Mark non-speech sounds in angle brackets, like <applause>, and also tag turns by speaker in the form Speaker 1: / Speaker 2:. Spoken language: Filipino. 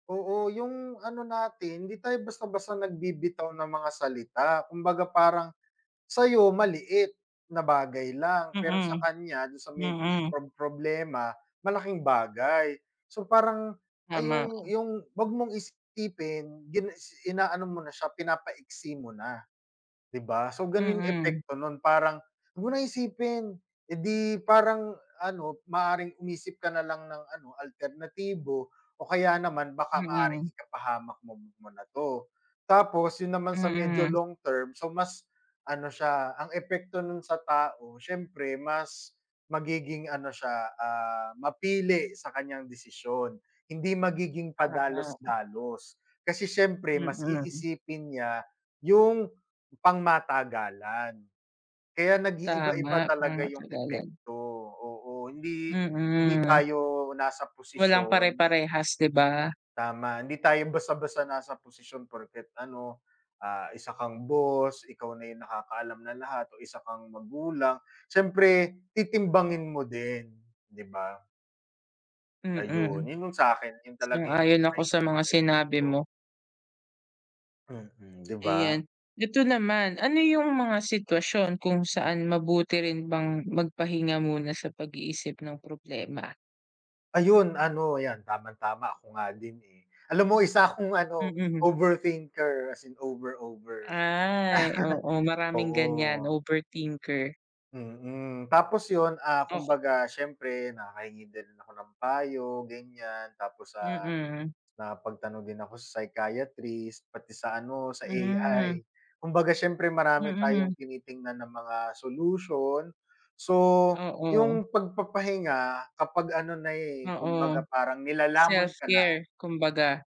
Speaker 1: Oo, 'yong ano natin hindi tayo basta-basta nagbibitaw ng mga salita. Kumbaga, parang sa 'yo maliit na bagay lang, pero sa
Speaker 2: Mm.
Speaker 1: kaniya ,do'n sa may
Speaker 2: Mm.
Speaker 1: prob problema, malaking bagay. So parang ay
Speaker 2: Tama.
Speaker 1: 'yong 'yong wag mong isipin, gina isi inaano mo na siya, pinapaiksi mo na, 'di ba? So gano'n 'yong
Speaker 2: Mm.
Speaker 1: epekto no'n, parang wag mo na isipin, eh, 'di parang, ano, maaaring umisip ka na lang ng ano, alternatibo o kaya naman baka maaaring
Speaker 2: Mm.
Speaker 1: ikapahamak mo mo na 'to. Tapos 'yon naman sa medyo
Speaker 2: Mm.
Speaker 1: long-term, so mas ano siya, ang epekto no'n sa tao siyempre mas magiging ano siya, ah, mapili sa kaniyang desisyon, hindi magiging
Speaker 2: Tama.
Speaker 1: padalos-dalos. Kasi siyempre mas
Speaker 2: Mm.
Speaker 1: iisipin niya 'yong pangmatagalan. Kaya nag-iiba-iba
Speaker 2: Tama,
Speaker 1: talaga 'yong
Speaker 2: pangmatagalan.
Speaker 1: epekto. Oo, hindi hindi
Speaker 2: Mm.
Speaker 1: tayo nasa
Speaker 2: Walang
Speaker 1: posisyon
Speaker 2: pare-parehas, 'di ba?
Speaker 1: Tama, hindi tayo basta-basta nasa posisyon porket, ano, ah, isa kang boss, ikaw na 'yong nakakaalam ng lahat o isa kang magulang. Siyempre titimbangin mo din, 'di ba?
Speaker 2: Mm.
Speaker 1: Ayun, 'yon 'yong sa 'kin, 'yon talaga 'yong
Speaker 2: Sang-ayon ako
Speaker 1: may
Speaker 2: sa mga
Speaker 1: mga
Speaker 2: sinabi
Speaker 1: epekto.
Speaker 2: mo.
Speaker 1: Mm, di ba?
Speaker 2: Ayan. Ito naman, ano 'yong mga sitwasyon kung saan mabuti rin bang magpahinga muna sa pag-iisip ng problema?
Speaker 1: Ayun, ano 'yan, tamang-tama, ako nga din, eh. Alam mo, isa akong, ano,
Speaker 2: Mm.
Speaker 1: overthinker, as in over, over.
Speaker 2: Ay,
Speaker 1: <laughs>
Speaker 2: oo, maraming
Speaker 1: Oo.
Speaker 2: ganiyan, overthinker.
Speaker 1: Mm. Tapos 'yon, ah,
Speaker 2: Oke
Speaker 1: kumbaga siyempre nakakahingi din ako ng payo, ganiyan. Tapos, ah,
Speaker 2: Mm.
Speaker 1: nakapagtanong din ako sa psychiatrist, pati sa, ano, sa AI.
Speaker 2: Hmm.
Speaker 1: Kumbaga siyempre, marami tayong
Speaker 2: Mm.
Speaker 1: tinitingnan na mga solution. So
Speaker 2: Oo.
Speaker 1: 'yong pagpapahinga, kapag ano na, eh,
Speaker 2: Oo.
Speaker 1: kumbaga parang nilalamon ka na.
Speaker 2: Self-care, kumbaga.